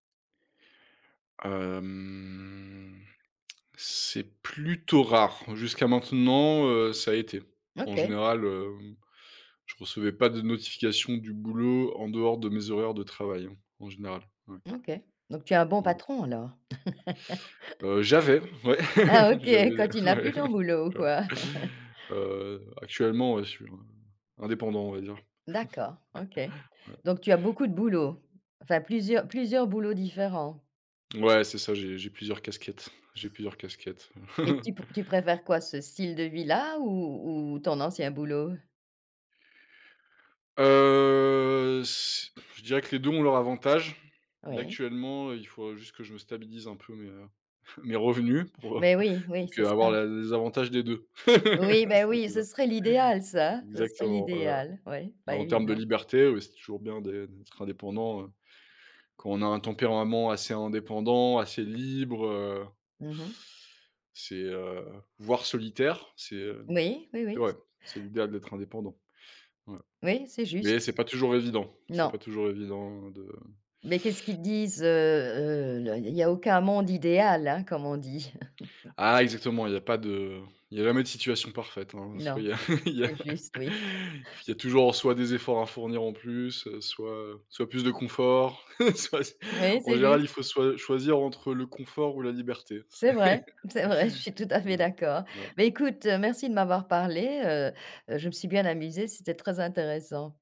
Hem, c'est plutôt rare. Jusqu'à maintenant, heu, ça a été. En OK. général, hem, je recevais pas de notifications du boulot en dehors de mes horaires de travail en général. Ouais. OK, donc tu es un bon Ouais. patron, alors? Heu, j'avais, ouais, Ah, OK, j'avais, quand tu n'as plus ouais, ton boulot, quoi? heu, actuellement, je suis, in indépendant, on va dire. D'accord OK. Ouais. Donc tu as beaucoup de boulots? Enfin plusieurs plusieurs boulots différents? Ouais, c'est ça, j'ai j'ai plusieurs casquettes, j'ai plusieurs casquettes. Et tu p tu préfères quoi? Ce style de vie-là ou ou ton ancien boulot? Heu, c je dirais que les 2 ont leurs avantages. Là, Oui. actuellement, il faut juste que je me stabilise un peu mes mes revenus pour, heu, Mais oui, pour oui, que c'est avoir ça. les les avantages des 2. Oui beh, C'est oui ça. ce serait l'idéal ça, ce serait Exactement, ouais. l'idéal, oui, pas Mais en termes de évident. liberté, ouais, c'est toujours bien d'être indépendant, hein, quand on a un tempérament assez indépendant, assez libre, heu Mmh mh. c'est, heu voire solitaire, c'est, heu, Oui, oui, oui c ouais, c'est l'idéal d'être indépendant. Ouais. oui, c'est juste. Mais c'est pas toujours évident. C'est pas Non. toujours évident de Mais qu'est-ce qu'ils te disent? Heu, heu, l il y a il y a aucun monde idéal, hein, comme on dit. Ah exactement, il y a pas de il y a jamais de situation parfaite, hein. Soit il Non, y a il y a c'est juste, oui. il y a toujours en soi, des efforts à fournir en plus, soit, heu, soit plus de confort, soit c Oui, en c'est général, juste. il faut soi choisir entre le confort ou la liberté. C'est C'est vrai, c'est vrai, je suis tout à fait ouais. d'accord. Voilà. Bah, écoute, merci de m'avoir parlé, heu heu, je me suis bien amusée, c'était très intéressant.